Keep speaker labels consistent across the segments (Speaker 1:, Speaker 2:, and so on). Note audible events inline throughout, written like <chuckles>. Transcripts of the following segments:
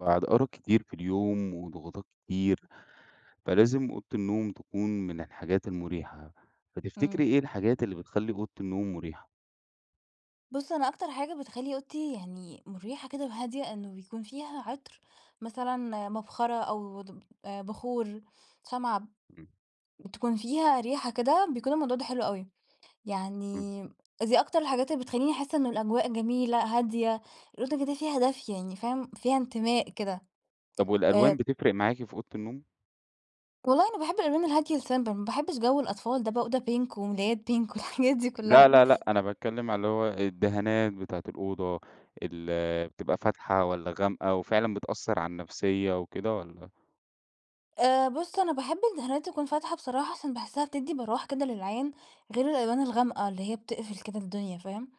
Speaker 1: بعد أرق كتير في اليوم وضغوطات كتير، فلازم أوضة النوم تكون من الحاجات المريحة، فتفتكري
Speaker 2: امم.
Speaker 1: إيه الحاجات اللي بتخلّي أوضة النوم مريحة؟
Speaker 2: بص أنا أكتر حاجة بتخلّي أوضتي يعني مُريحة كده وهادية إنه بيكون فيها عطر مثلًا مبخرة أو دوب بخور، شمعة ب
Speaker 1: امم.
Speaker 2: بتكون فيها ريحة كده بيكون الموضوع ده حلو أوي
Speaker 1: امم.
Speaker 2: يعني دي أكتر الحاجات اللي بتخلّيني أحسّ إن الأجواء جميلة هادية الأوضة كده فيها دفء يعني فاهم؟ فيها إنتماء كده
Speaker 1: طب والألوان
Speaker 2: آآ
Speaker 1: بتفرق معاكِ في أوضة النوم؟
Speaker 2: والله أنا باحب الألوان الهادية الsimple ما باحبش جو الأطفال ده بقى أوضة pink وملايات pink والحاجات دي
Speaker 1: لا،
Speaker 2: كلها.
Speaker 1: لا، لأ أنا باتكلم على اللي هو الدهانات بتاعة الأوضة اللي بتبقى فاتحة والّا غامقة وفعلًا بتأثر على النفسية وكده والّا؟
Speaker 2: آآ بص أنا باحب الدهانات تكون فاتحة بصراحة عشان باحسها بتدي براح كده للعين غير الألوان الغامقة اللي هي بتقفل كده الدنيا فاهم؟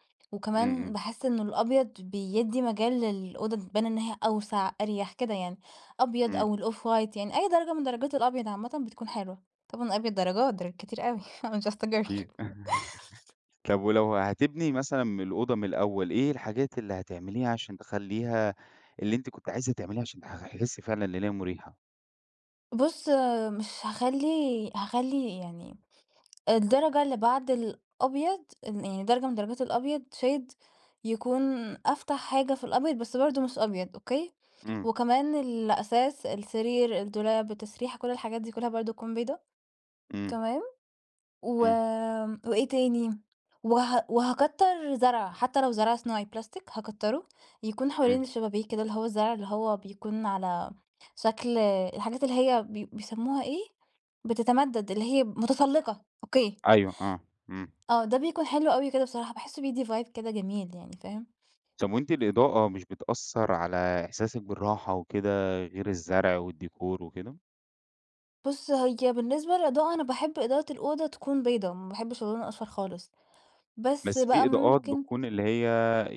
Speaker 1: امم،
Speaker 2: وكمان
Speaker 1: امم.
Speaker 2: باحس إنه الأبيض بيدي مجال للأوضة تبان إن هي أوسع أريح كده يعني أبيض
Speaker 1: امم.
Speaker 2: أو ال off white يعني أي درجة من درجات الأبيض عامةً بتكون حلوة. طبعًا الأبيض درجات، درجات كتير أوي I'm just a girl <laughs>
Speaker 1: أكيد <chuckles> طب ولو هتبني مثلًا من الأوضة من الأول إيه الحاجات اللي هتعمليها عشان تخلّيها اللي أنتِ كنتِ عايزة تعمليه عشان تحسي فعلًا إن هي مُريحة؟
Speaker 2: بص مش هاخلي هاخلي يعني درجة اللي بعد الأبيض ال يعني درجة من درجات الأبيض shade يكون أفتح حاجة في الأبيض بس برضه مش أبيض، أوكي؟
Speaker 1: امم.
Speaker 2: وكمان الأساس، السرير، الدولاب، التسريحة، كل الحاجات دي كلها برضه تكون بيضا
Speaker 1: امم.
Speaker 2: تمام؟ و
Speaker 1: امم.
Speaker 2: وإيه تاني وه وهاكتر زرع، حتى لو زرع صناعي بلاستيك هاكتره يكون حوالين
Speaker 1: امم.
Speaker 2: الشبابيك كده اللي هو الزرع اللي هو بيكون على شكل الحاجات اللي هي بي بيسموها إيه، بتتمدد اللي هي متسلقة، أوكي.
Speaker 1: أيوه آه، امم.
Speaker 2: آه، ده بيكون حلو أوي كده بصراحة، باحسه بيدي vibe كده جميل يعني، فاهم؟
Speaker 1: طب وأنتِ الإضاءة مش بتأثر على إحساسك بالراحة وكده، غير الزرع والديكور وكده؟
Speaker 2: بص، هي بالنسبة للإضاءة أنا باحب إضاءة الأوضة تكون بيضا، ما باحبش اللون الأصفر خالص. بس
Speaker 1: بس
Speaker 2: بقى
Speaker 1: في إضاءات
Speaker 2: ممكن
Speaker 1: بتكون اللي هي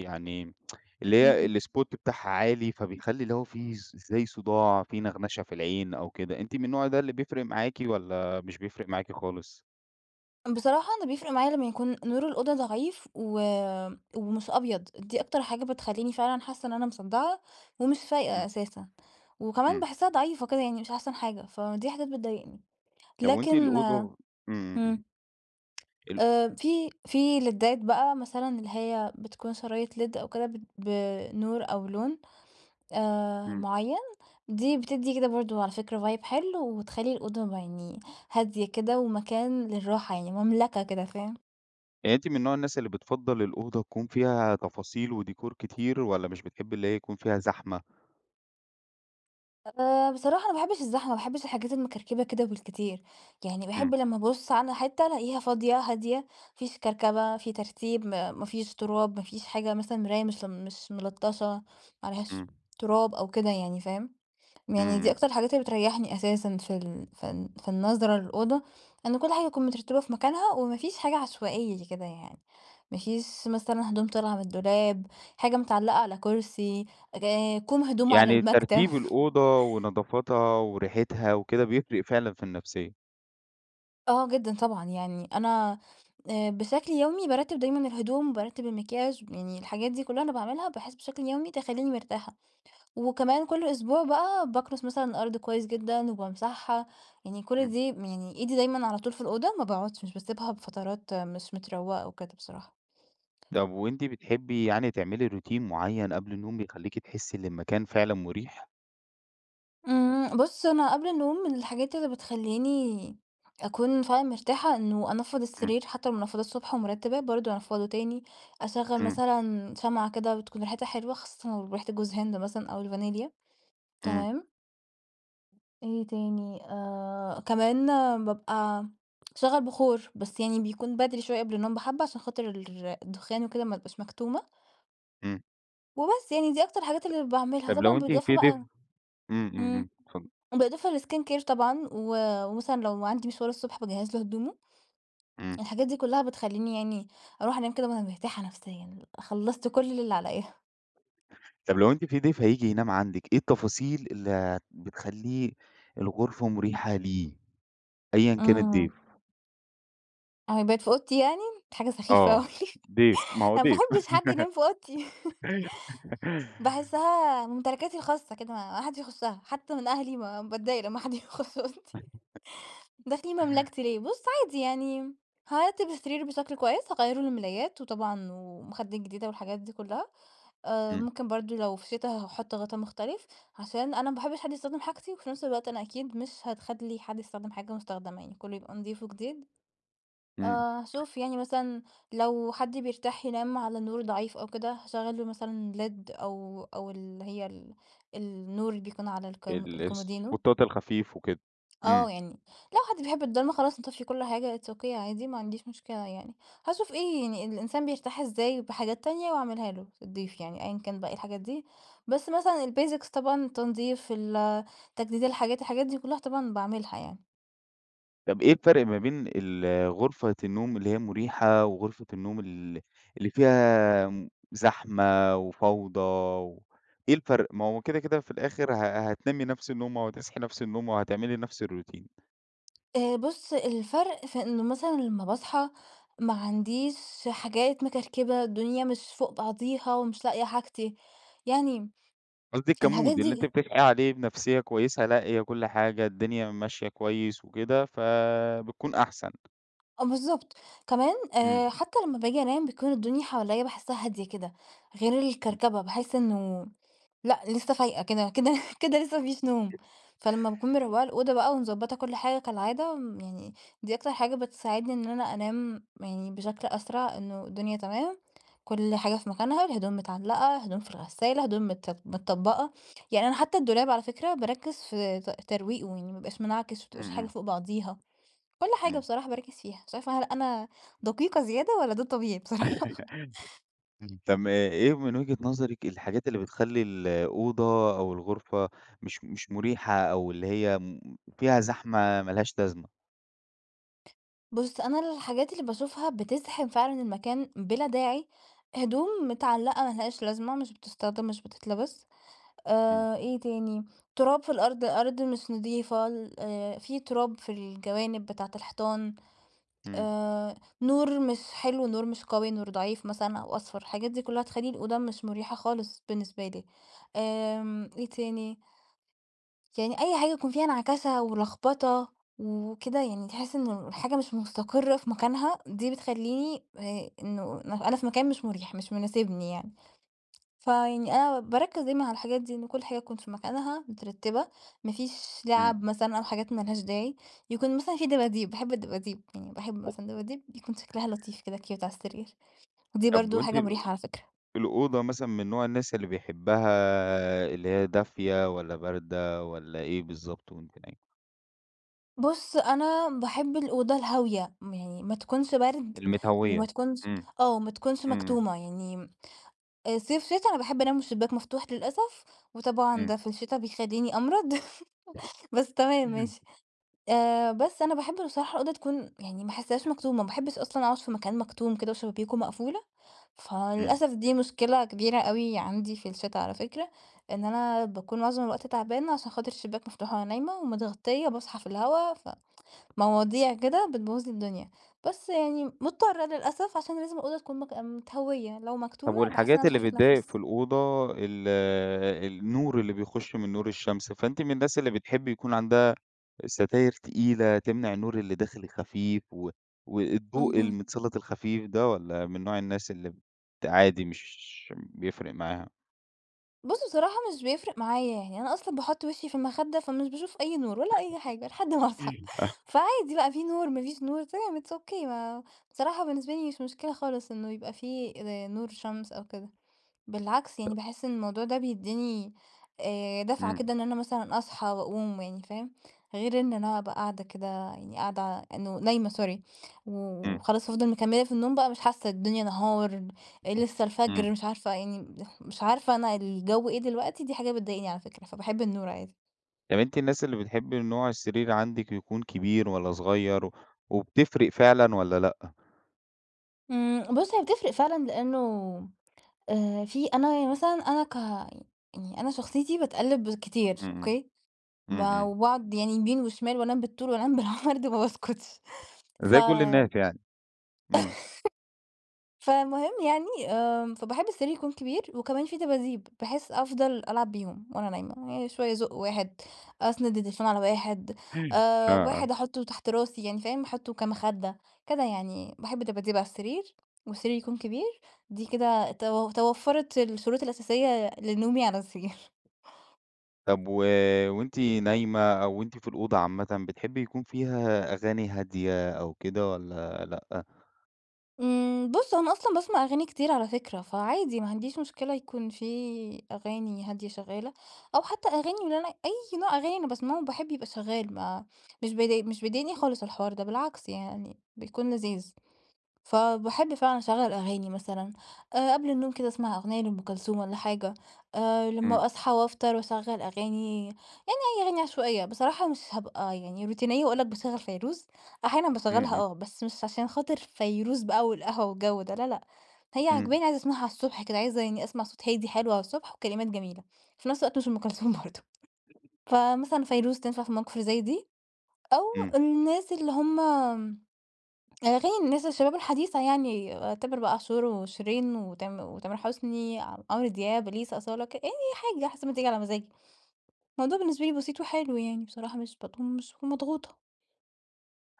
Speaker 1: يعني <tsk> اللي هي
Speaker 2: امم.
Speaker 1: الspot بتاعها عالي فبيخلي اللي هو في ز زي صداع، في نغمشة في العين أو كده، أنتِ من النوع ده اللي بيفرق معاكِ، والّا مش بيفرق معاكِ خالص؟
Speaker 2: بصراحة أنا بيفرق معايا لمّا يكون نور الأوضة ضعيف، و ومش أبيض. دي أكتر حاجة بتخلّيني فعلًا حاسّة إن أنا مصدعة ومش فايقة
Speaker 1: إمم.
Speaker 2: أساسًا، وكمان
Speaker 1: إمم.
Speaker 2: باحسّها ضعيفة كده يعني مش أحسن حاجة، فدي حاجات بتضايقني.
Speaker 1: طب وأنتِ
Speaker 2: لكن
Speaker 1: الأوضة إمم، إمم.
Speaker 2: إمم.
Speaker 1: ال
Speaker 2: آآ، في في ليدات بقى مثلًا اللي هي بتكون شرايط led أو كده، بت بنور أو لون آآ،
Speaker 1: إمم.
Speaker 2: معيّن، دي بتدّي كده برضو على فكرة vibe حلو، وتخلّي الأوضة يعني هادية كده ومكان للراحة، يعني مملكة كده فاهم؟
Speaker 1: يعني أنتِ من نوع الناس اللي بتفضل الأوضة تكون فيها تفاصيل وديكور كتير، والّا مش بتحبي اللي هي يكون فيها زحمة؟
Speaker 2: آآ، بصراحة أنا ما باحبش الزحمة، ما باحبش الحاجات المكركبة كده بالكتير، يعني
Speaker 1: إمم.
Speaker 2: باحب لمّا أبُص على حتّة ألاقيها فاضية، هادية، ما فيش كركبة، في ترتيب، م ما فيش تراب، ما فيش حاجة مثلًا مرايا مش مش ملطشة، ما عليهاش
Speaker 1: إمم.
Speaker 2: تراب أو كده يعني فاهم؟ يعني
Speaker 1: إمم،
Speaker 2: دي
Speaker 1: إمم.
Speaker 2: أكتر الحاجات اللي بتريحني أساسًا في ال في ال في النظرة للأوضة، إن كل حاجة نكون مترتبة في مكانها، وما فيش حاجة عشوائية زي كده يعني، ما فيش مثلًا هدوم طالعة من الدولاب، حاجة متعلقة على كرسي، ك كوم هدوم على
Speaker 1: يعني
Speaker 2: المكتب.
Speaker 1: ترتيب الأوضة ونظافتها وريحتها وكده بيفرق فعلًا في النفسيّة؟
Speaker 2: آه، جدًا، طبعًا. يعني أنا، آآ، بشكل يومي بارتب دايمًا الهدوم، بارتب المكياج، يعني الحاجات دي كلها أنا باعملها، بحيث بشكل يومي تخليني مرتاحة. وكمان كل أسبوع بقى باكنس مثلًا الأرض كويس جدًا وبامسحها، يعني كل
Speaker 1: امم.
Speaker 2: دي يعني إيدي دايمًا على طول في الأوضة، ما باقعدش، مش باسيبها بفترات مش متروقة وكده بصراحة.
Speaker 1: طب وأنتِ بتحبي يعني تعملي روتين معين قبل النوم، بيخليكي تحسي إن المكان فعلًا مريح؟
Speaker 2: امم، بُصّ أنا قبل النوم من الحاجات اللي بتخليني أكون فعلًا مرتاحة، إنه أنفّض
Speaker 1: امم.
Speaker 2: السرير، حتى لو منفضاه الصبح ومرتباه، برضه أنفّضه تاني. أشغل
Speaker 1: امم.
Speaker 2: مثلًا شمعة كده بتكون ريحتها حلوة، خاصةً لو ريحة جوز هند مثلًا أو الفانيليا،
Speaker 1: امم.
Speaker 2: تمام؟ إيه تاني، آآ، كمان بابقى أشغّل بخور، بس يعني بيكون بدري شوية قبل النوم بحبّة، عشان خاطر الدخان وكده، ما أبقاش مكتومة.
Speaker 1: امم.
Speaker 2: وبس، يعني دي أكتر الحاجات اللي ل باعملها.
Speaker 1: طب، لو
Speaker 2: طبعًا
Speaker 1: أنتِ
Speaker 2: بالإضافة
Speaker 1: في ضيف
Speaker 2: بقى
Speaker 1: امم، امم،
Speaker 2: امم،
Speaker 1: امم، اتفض
Speaker 2: وبالإضافة للskin care طبعًا، و ومثلًا لو عندي مشوار الصبح باجهز له هدومه.
Speaker 1: امم.
Speaker 2: الحاجات دي كلها بتخليني يعني أروح أنام كده وأنا مرتاحة نفسيًا، خلصت كل اللي عليَّ.
Speaker 1: طب لو أنتِ في ضيف هييجي ينام عندِك، إيه التفاصيل اللي بتخلي الغرفة مريحة ليه أيًا كان
Speaker 2: آه.
Speaker 1: الضيف؟
Speaker 2: هيبات في أوضتي يعني؟ دي حاجة سخيفة
Speaker 1: آه
Speaker 2: أوي
Speaker 1: ضيف، ما
Speaker 2: <laughs>
Speaker 1: هو
Speaker 2: أنا ما
Speaker 1: ضيف.
Speaker 2: باحبش حد ينام في أوضتي. <laughs>
Speaker 1: <laughs>
Speaker 2: باحسها ممتلكاتي الخاصة كده ما حدش يخشها، حتى من أهلي ما باتضايق لما حد يخش أوضتي.
Speaker 1: <chuckles>
Speaker 2: داخلين مملكتي ليه؟ بُص عادي يعني هارتب السرير بشكل كويس، هاغيَّر له الملايات، وطبعًا ومخدات جديدة والحاجات دي كلها. آآ
Speaker 1: امم.
Speaker 2: ممكن برضه لو في شتا، هاحط غطا مختلف، عشان أنا ما باحبش حد يستخدم حاجتي، وفي نفس الوقت أنا أكيد مش هتخلي حد يستخدم حاجة مستخدمة يعني كله يبقى نضيف وجديد، آآ
Speaker 1: امم.
Speaker 2: هاشوف يعني مثلًا لو حد بيرتاح ينام على نور ضعيف أو كده، هاشغّل له مثلًا Led أو أو اللي هي ال النور اللي بيكون على الكم
Speaker 1: ال-
Speaker 2: الكومودينو
Speaker 1: السبوتات الخفيف وكده،
Speaker 2: آه
Speaker 1: امم.
Speaker 2: يعني لو حد بيحب الضلمة، خلاص نطفِّي كل حاجة it's okay عادي، ما عنديش مشكلة يعني. هاشوف إيه يعني الإنسان بيرتاح إزاي بحاجات تانية، وأعملها له الضيف يعني أيًا كان بقي إيه الحاجات دي، بس مثلًا الbasics طبعًا التنضيف، ال تجديد الحاجات، الحاجات دي كلها طبعًا باعملها يعني.
Speaker 1: طب إيه الفرق ما بين ال-‑ غرفة النوم اللي هي مريحة، وغرفة النوم ال‑ اللي فيها م زحمة وفوضى و إيه الفرق؟ ما هو كده كده في الآخر ه‑ ه‑ هتنامي نفس النومة وهتصحي نفس النومة، وهتعملي نفس الroutine؟
Speaker 2: آآ، بُص الفرْق في إنه مثلًا لما باصحى ما عنديش حاجات مكركبة، الدنيا مش فوق بعضيها ومش لاقية حاجتي، يعني
Speaker 1: قصدك
Speaker 2: الحاجات
Speaker 1: كmood اللي أنتِ
Speaker 2: دي
Speaker 1: بتصحي عليه بنفسية كويسة، لاقية كل حاجة، الدنيا ماشية كويس وكده فبتكون أحسن.
Speaker 2: آه بالضبط. كمان آآ،
Speaker 1: امم.
Speaker 2: حتى لما باجي أنام بتكون الدنيا حواليَّا باحسّها هادية كده، غير
Speaker 1: <unintelligible>
Speaker 2: الكركبة، باحس إنّه لأ، لسه فايقة كده كده كده لسه ما فيش نوم.
Speaker 1: <unintelligible>
Speaker 2: فلما باكون مروَّقة الأوضة بقى ومضبَّطة كل حاجة كالعادة يعني، دي أكتر حاجة بتساعدني إن أنا أنام يعني بشكل أسرع. إنّه الدنيا تمام، كل حاجة في مكانها، الهدوم متعلقة، هدوم في الغسالة، هدوم مت‑ متطبقة. يعني أنا حتّى الدولاب على فكرة باركِّز في ت‑ ترويقه، يعني ما يبقاش منعكش، ما
Speaker 1: امم،
Speaker 2: تبقاش الحاجة
Speaker 1: امم.
Speaker 2: فوق بعضيها. كل حاجة
Speaker 1: امم.
Speaker 2: بصراحة باركّز فيها. مش عارفة هل أنا دقيقة زيادة والّا ده طبيعي بصراحة؟
Speaker 1: <laughs> اهم، طب إيه إيه من وجهة نظرك الحاجات اللي بتخلّي الأوضة أو الغرفة مش مش مريحة، أو اللي هي م فيها زحمة ما لهاش لازمة؟
Speaker 2: بص أنا الحاجات اللي باشوفها بتزحم فعلًا المكان، بلا داعي، هدوم متعلقة ما لهاش لازمة، مش بتستخدم، مش بتتلبس،
Speaker 1: إمم.
Speaker 2: آآ، إيه تاني، تراب في الأرض، الأرض مش نضيفة ال آآ، في تراب في الجوانب بتاعة الحيطان،
Speaker 1: إمم.
Speaker 2: آآ، نور مش حلو، نور مش قوي، نور ضعيف مثلًا أو أصفر، الحاجات دي كلها تخلي الأوضة مش مريحة خالص، بالنسبة لي. آمم إيه تاني، يعني أي حاجة يكون فيها نعكشة ولخبطة وكده، يعني تحس إن الحاجة مش مستقرة في مكانها، دي بتخلّيني آآ، إنه أنا في مكان مش مريح، مش مناسبني يعني. فيعني أنا باركز دايمًا على الحاجات دي إن كل حاجة تكون في مكانها، مترتبة، ما فيش لُعَب
Speaker 1: إمم.
Speaker 2: مثلًا أو حاجات ما لهاش داعي. يكون مثلًا في دباديب، باحب الدباديب، يعني باحب مثلًا دباديب بيكون شكلها لطيف كده cute على السرير، ودي
Speaker 1: طب
Speaker 2: برضه
Speaker 1: وأنتِ
Speaker 2: حاجة
Speaker 1: ال
Speaker 2: مريحة على فكرة.
Speaker 1: الأوضة مثلًا من نوع الناس اللي بيحبها اللي هي دافية والّا باردة والّا إيه بالضبط، وأنتِ نايمة؟
Speaker 2: بص، أنا باحب الأوضة الهاوية، م يعني ما تكونش برد وما
Speaker 1: المتهّوية،
Speaker 2: تكونش
Speaker 1: إمم.
Speaker 2: آه، ما تكونش
Speaker 1: إمم.
Speaker 2: مكتومة. يعني آآ، صيف، شتا، أنا باحب أنام والشباك مفتوح للأسف، وطبعًا
Speaker 1: إمم.
Speaker 2: ده في الشتا بيخليني أمرض، <laughs> بس تمام، ماشي.
Speaker 1: <clears throat>
Speaker 2: آآ، بس أنا باحب بصراحة الأوضة تكون يعني ما أحسهاش مكتومة، ما باحبش أصلًا أقعد في مكان مكتوم كده وشبابيكه مقفولة،
Speaker 1: إمم.
Speaker 2: فللأسف، دي مشكلة كبيرة أوي عندي في الشتاء على فكرة، إن أنا باكون معظم الوقت تعبانة، عشان خاطر الشباك مفتوح وأنا نايمة ومتغطية باصحى في الهواء ف مواضيع كده، بتبوظ لي الدنيا. بس يعني مضطرة للأسف، عشان لازم الأوضة تكون مك متهوية، لو
Speaker 1: طب
Speaker 2: مكتومة باحس إن أنا
Speaker 1: والحاجات
Speaker 2: مش
Speaker 1: اللي
Speaker 2: عارفة
Speaker 1: بتضايق
Speaker 2: أتنفس.
Speaker 1: في الأوضة، ال النور اللي بيخش من نور الشمس. فأنتِ من الناس اللي بتحبي يكون عندها ستاير تقيلة، تمنع النور اللي داخل خفيف و والضوء
Speaker 2: اهم.
Speaker 1: المتسلط الخفيف ده والّا من نوع الناس اللي بت عادي مش بيفرق معاها؟
Speaker 2: بص، بصراحة مش بيفرق معايا. يعني أنا أصلًا باحط وشي في المخدة فمش باشوف أي نور ولا أي حاجة لحد ما أصحى.
Speaker 1: إمم. <unintelligible>
Speaker 2: فعادي بقى، في نور، ما فيش نور تمام، it's okay ما بصراحة بالنسبة لي مش مشكلة خالص إنه يبقى في زي نور شمس أو كده. بالعكس، يعني
Speaker 1: طب
Speaker 2: باحس إن الموضوع ده بيديني آآ دفعة
Speaker 1: إمم.
Speaker 2: كده، إن أنا مثلًا أصحى وأقوم يعني، فاهم؟ غير إن أنا أبقى قاعدة كده يعني قاعدة ع إنه نايمة sorry،
Speaker 1: إمم.
Speaker 2: وخلاص أفضل مكملة في النوم بقى مش حاسة الدنيا نهار، لسه
Speaker 1: إمم.
Speaker 2: الفجر مش عارفة يعني، مش عارفة أنا الجو إيه دلوقتي. دي حاجة بتضايقني على فكرة، فباحب النور عادي.
Speaker 1: طب أنتِ الناس اللي بتحبي نوع السرير عندِك يكون كبير والّا صغير؟ وبتفرق فعلًا والّا لأ؟
Speaker 2: إمم، بص، هي بتفرق فعلًا لأنه آآ في أنا يعني مثلًا أنا ك يعني أنا شخصيتي باتقلب كتير
Speaker 1: إمم إمم.
Speaker 2: أوكي،
Speaker 1: إمم
Speaker 2: ما
Speaker 1: إمم.
Speaker 2: وباقعد يعني يمين وشمال وأنام بالطول وأنام بالعرض ما باسكتش ف
Speaker 1: زي كل
Speaker 2: <laughs>
Speaker 1: الناس يعني، إمم.
Speaker 2: فالمهم يعني، آآ فباحب السرير يكون كبير وكمان في دباديب، بحيث أفضل ألعب بيهم وأنا نايمة، يعني شوية ازق واحد، أسند التليفون على واحد،
Speaker 1: <unintelligible> آه،
Speaker 2: آآ
Speaker 1: آه.
Speaker 2: واحد أحطه تحت راسي يعني فاهم؟ أحطه كمخدة، كده يعني باحب دباديب على السرير، والسرير يكون كبير. دي كده تو توفرت الشروط الأساسية لنومي على السرير. <chuckles>
Speaker 1: طب و وأنتِ نايمة أو وأنتِ في الأوضة عامةً بتحبي يكون فيها أغاني هادية أو كده والّا لأ؟
Speaker 2: امم بُص هو أنا أصلًا باسمع أغاني كتير على فكرة، فعادي ما عنديش مشكلة يكون في أغاني هادية شغالة، أو حتى أغاني اللي أنا أي نوع أغاني أنا باسمعه باحب يبقى شغال ما مش بي مش بيضايقني خالص الحوار ده بالعكس يعني بيكون لذيذ. فباحب فعلًا اشغل أغاني مثلًا آآ قبل النوم كده أسمع أغنية لأم كلثوم والّا حاجة، آآ
Speaker 1: امم.
Speaker 2: لما أصحى وأفطر وأشغل أغاني يعني أي أغاني عشوائية، بصراحة مش هابقى يعني روتينية وأقول لَك باشغل فيروز أحيانًا
Speaker 1: امم
Speaker 2: باشغلها
Speaker 1: امم.
Speaker 2: آه بس مش عشان خاطر فيروز بقى والقهوة والجو ده لا لأ، هي
Speaker 1: امم.
Speaker 2: عاجباني عايزة أسمعها على الصبح كده عايزة يعني أسمع صوت هادي حلو على الصبح وكلمات جميلة، وفي نفس الوقت مش أم كلثوم برضه
Speaker 1: <unintelligible>
Speaker 2: فمثلًا فيروز تنفع في المواقف اللي زي دي، أو
Speaker 1: امم.
Speaker 2: الناس اللي هم أغاني الناس الشباب الحديثة يعني تامر بقى عاشور وشيرين وتام وتامر حسني، ع عمرو دياب، اليسا، أصالة ك أي حاجة حسب ما تيجي على مزاجي. الموضوع بالنسبة لي بسيط وحلو يعني بصراحة مش <unintelligible> مضغوطة.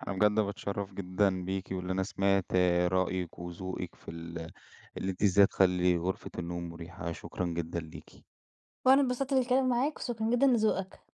Speaker 1: أنا بجد باتشرف جدًا بيكِ، وإن أنا سمعت رأيِك وذوقِك في ال اللي أنتِ ازاي تخلي غرفة النوم مريحة شكرًا جدًا ليكِ.
Speaker 2: وأنا اتبسطت بالكلام معاك وشكرًا جدًا لذوقك.